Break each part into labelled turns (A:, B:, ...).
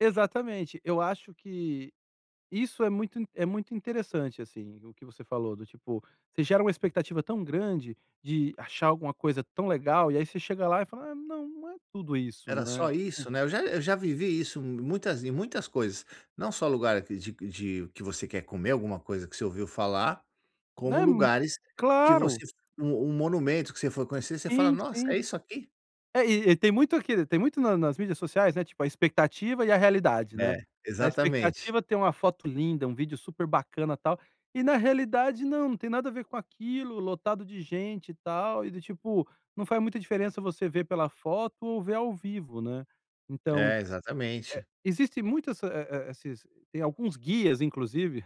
A: Exatamente. Eu acho que isso é muito é muito interessante, assim, o que você falou, do tipo, você gera uma expectativa tão grande de achar alguma coisa tão legal, e aí você chega lá e fala: "Ah, não, não é tudo isso",
B: Era
A: né.
B: só isso, né, eu já eu já vivi isso muitas em muitas coisas, não só lugar de de que você quer comer alguma coisa que você ouviu falar, como
A: Né, um
B: lugares que
A: claro.
B: você f um um monumento que você foi conhecer, você fala:
A: Sim,
B: "Nossa,
A: sim.
B: é isso aqui?".
A: É e e tem muito aqui, tem muito na nas mídias sociais, né, tipo, a expectativa e a realidade, né,
B: É,
A: na
B: exatamente.
A: expectativa tem uma foto linda, um vídeo super bacana, tal, e na realidade não, não tem nada a ver com aquilo, lotado de gente e tal, e do tipo, não faz muita diferença você ver pela foto ou ver ao vivo, né. Então, eh,
B: É, exatamente.
A: existem muitas esses, eh eh, esses tem alguns guias, inclusive,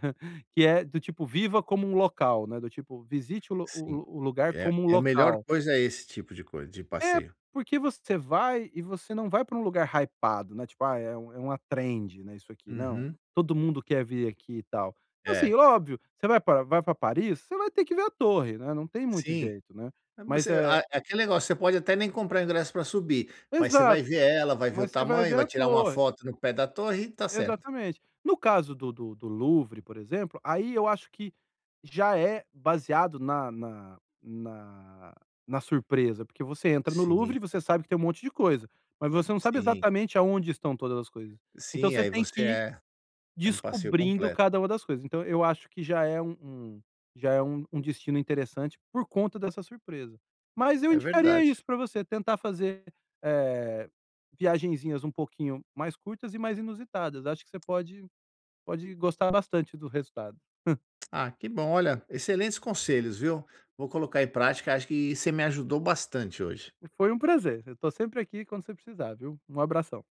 A: que é do tipo viva como um local né, do tipo visite o lu o
B: Sim,
A: lu o lugar
B: é
A: como um
B: é a melhor
A: local.
B: coisa é esse tipo de cois de
A: É,
B: passeio.
A: porque você vai e você não vai para um lugar hypado, né, tipo, ah, é um é uma trend, né, isso aqui, não,
B: Uhum.
A: todo mundo quer vir aqui e tal. Assim,
B: É.
A: óbvio, você vai para vai para Paris, você vai ter que ver a torre, né, não tem muito
B: Sim.
A: jeito, né.
B: Voc
A: Mas,
B: a
A: eh
B: aquele negócio, você pode até nem comprar ingresso para subir, mas você vai
A: Exato,
B: ver ela, vai ver o
A: mas você vai
B: tamanho,
A: ver
B: vai
A: a
B: tirar uma
A: torre.
B: foto no pé da torre e está certo.
A: Exatamente. No caso do do do Louvre, por exemplo, aí eu acho que já é baseado na na na na surpresa, porque você entra no Louvre
B: Sim.
A: e você sabe que tem um monte de coisa, mas você não sabe
B: Sim.
A: exatamente aonde estão todas as coisas. Então
B: Sim,
A: você
B: aí
A: tem que
B: você
A: ir
B: é, é um passeio
A: descobrindo
B: completo.
A: cada uma das coisas. Então eu acho que já é u um já é um destino interessante por conta dessa surpresa. Mas eu
B: É
A: indicaria
B: verdade.
A: isso pra você, tentar fazer, eh, viagenzinhas um pouquinho mais curtas e mais inusitadas. Acho que você pode pode gostar bastante do resultado.
B: Ah, que bom. Olha, excelentes conselhos, viu, vou colocar em prática acho que você me ajudou bastante hoje.
A: Foi um prazer, eu estou sempre aqui quando você precisar, viu. Um abração.